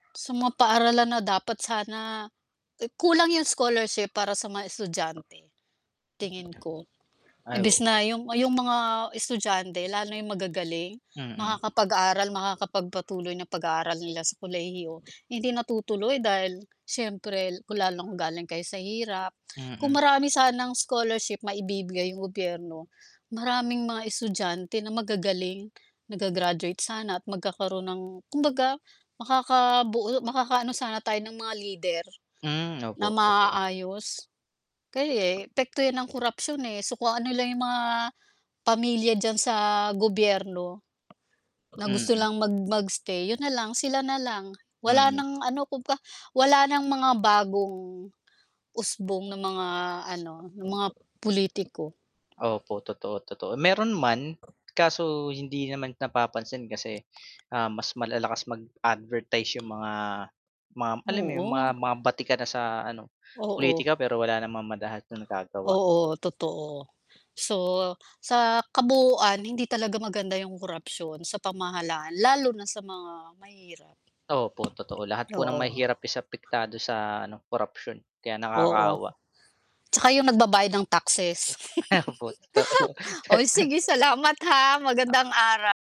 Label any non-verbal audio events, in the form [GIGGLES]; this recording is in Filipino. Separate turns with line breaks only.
Sa mga paaralan na dapat sana, ik kulang yung scholarship para sa mga estudyante,
Mm.
tingin ko.
Ay
Imbis
o
na yung yung mga estudyante, lalo na yung magagaling,
Mm.
makakapag-aral, makakapagpatuloy ng pag-aaral nila sa kolehiyo, hindi natutuloy dahil, siyempre kung lalong galing kayo sa hirap. Kung
Mm.
marami sanang scholarship maibibigay yung gobyerno, maraming mga estudyante na magagaling, na ga-gra-graduate sana at magkakaroon ng kumbaga makakabuo, makakaano sana tayo ng mga lider,
Hmm,
na
opo totoo.
maaaayos. Kaya eh, epekto yan ang korapsyon eh, so kung ano nila yung mga pamilya diyan sa gobyerno, na gusto
Mm.
lang mag mag stay yun nalang sila nalang, wala
Mm.
ng ano kumbaga wala ng mga bagong, usbong ng mga ano, ng mga pulitiko.
Opo, totoo, totoo. Meron man, kaso hindi naman napapansin kasi, ah mas malalakas mag advertise yung mga ma alam mo yung
Oo.
ma mga batikan na sa ano
Oo.
pulitika pero wala namang madalas na nagagawa.
Oo totoo. So, sa kabuuan hindi talaga maganda yung korapsyon sa pamahalaan lalo na sa mga mahirap.
Opo, totoo po. Lahat ng
Oo.
mahirap is apektado sa ano korapsyon, kaya
Oo,
nakakaawa.
tsaka 'yong nagbabayad ng taxes.
Opo, totoo.
[GIGGLES] sige, salamat ha, magandang ara